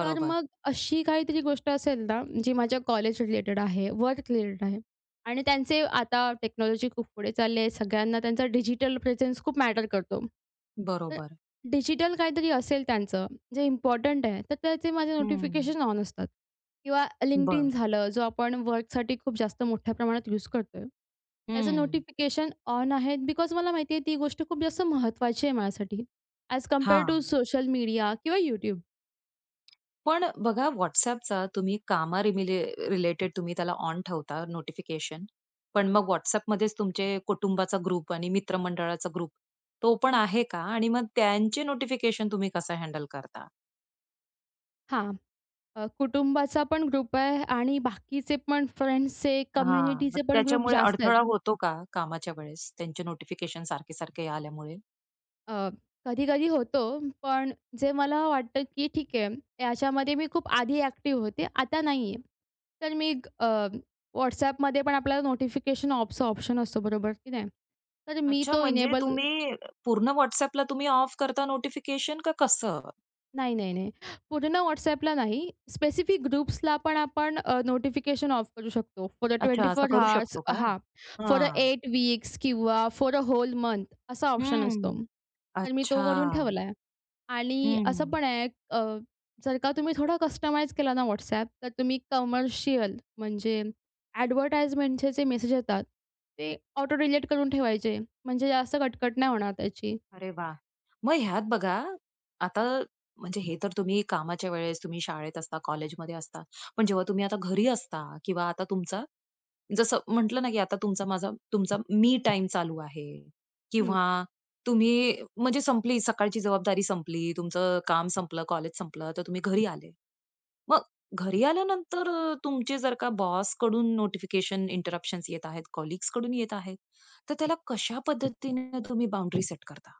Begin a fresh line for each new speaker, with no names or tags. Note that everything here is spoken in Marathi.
तर मग अशी काहीतरी गोष्ट असेल ना, जी माझ्या कॉलेजच्या रिलेटेड आहे, वर्क रिलेटेड आहे आणि त्यांचे आता टेक्नॉलॉजी खूप पुढे चालली आहे. सगळ्यांना त्यांचा डिजिटल प्रेझेन्स खूप मॅटर करतो. तर
बरोबर.
डिजिटल काहीतरी असेल त्यांचं, जे इम्पोर्टंट आहे, तर त्याचे माझे
हं.
नोटिफिकेशन ऑन असतात किंवा Linkedin
बरं.
झालं, जो आपण वर्कसाठी खूप जास्त मोठ्या प्रमाणात यूज करतोय. त्याचं
हं.
नोटिफिकेशन ऑन आहे बिकॉज मला माहिती आहे ती गोष्ट खूप जास्त महत्त्वाची आहे माझ्यासाठी, अ‍ॅज कंपेअर टु
हां.
सोशल मीडिया किंवा YouTube.
पण, बघा WhatsAppचा तुम्ही कामा रिमीले रिलेटेड तुम्ही त्याला ऑन ठेवता नोटिफिकेशन, पण मग WhatsAppमध्येच तुमचे कुटुंबाचा ग्रुप आणि मित्रमंडळाचा ग्रुप, तो पण आहे का आणि मग त्यांचे नोटिफिकेशन तुम्ही कसं हँडल करता?
हां, अ, कुटुंबाचा पण ग्रुप आहे आणि बाकीचे पण फ्रेंड्सचे,
हां. मग
कम्युनिटीचे पण ग्रुप
त्याच्यामुळे
जास्त आहेत.
अडथळा होतो का कामाच्या वेळेस, त्यांचे नोटिफिकेशन सारखे-सारखे आल्यामुळे?
अ, कधी-कधी होतो, पण जे मला वाटतं की ठीक आहे, याच्यामध्ये मी खूप आधी अ‍ॅक्टिव्ह होते, आता नाहीये. तर मी अ, WhatsAppमध्ये पण आपल्याला नोटिफिकेशन ऑफचा ऑप्शन असतो बरोबर की नाही, तर मी
अच्छा,
तो
म्हणजे
इनेबल
तुम्ही अ, पूर्ण WhatsAppला तुम्ही ऑफ करता नोटिफिकेशन का कसं?
नाही, नाही, नाही. पूर्ण WhatsAppला नाही, स्पेसिफिक ग्रुप्सला पण आपण अ, नोटिफिकेशन ऑफ करू शकतो. फॉर अ ट्वेंटी
अच्छा, असं
फोर
करू
हॉर्स,
शकतो का?
हां, फॉर अ
हां.
8 वीक्स किंवा फॉर अ होल मंथ असा ऑप्शन असतो.
हं.
तर मी तो
अच्छा.
करून ठेवलाय. आणि असं
हं.
पण आहे अं, जर का तुम्ही थोडं कस्टमाइज केला ना WhatsApp, तर तुम्ही कमर्शियल म्हणजे अ‍ॅडव्हर्टाइजमेंटचे जे मेसेज येतात, ते ऑटो डिलिट करून ठेवायचे. म्हणजे जास्त कटकट नाही होणार त्याची.
अरे वा! मग ह्यात बघा, आता म्हणजे हे तर तुम्ही कामाच्या वेळेस, तुम्ही शाळेत असता, कॉलेजमध्ये असता, पण जेव्हा तुम्ही आता घरी असता किंवा आता तुमचा जसं म्हटलं ना की आता तुमचा माझा तुमचा मी टाईम चालू आहे
हं.
किंवा तुम्ही म्हणजे संपली, सकाळची जबाबदारी संपली. तुमचं काम संपलं, कॉलेज संपलं, तर तुम्ही घरी आले. मग घरी आल्यानंतर तुमचे जर का बॉसकडून नोटिफिकेशन, इंटरप्शन्स येत आहेत, कलीग्सकडून येत आहेत. तर त्याला कशा पद्धतीने तुम्ही बाउंडरी सेट करता?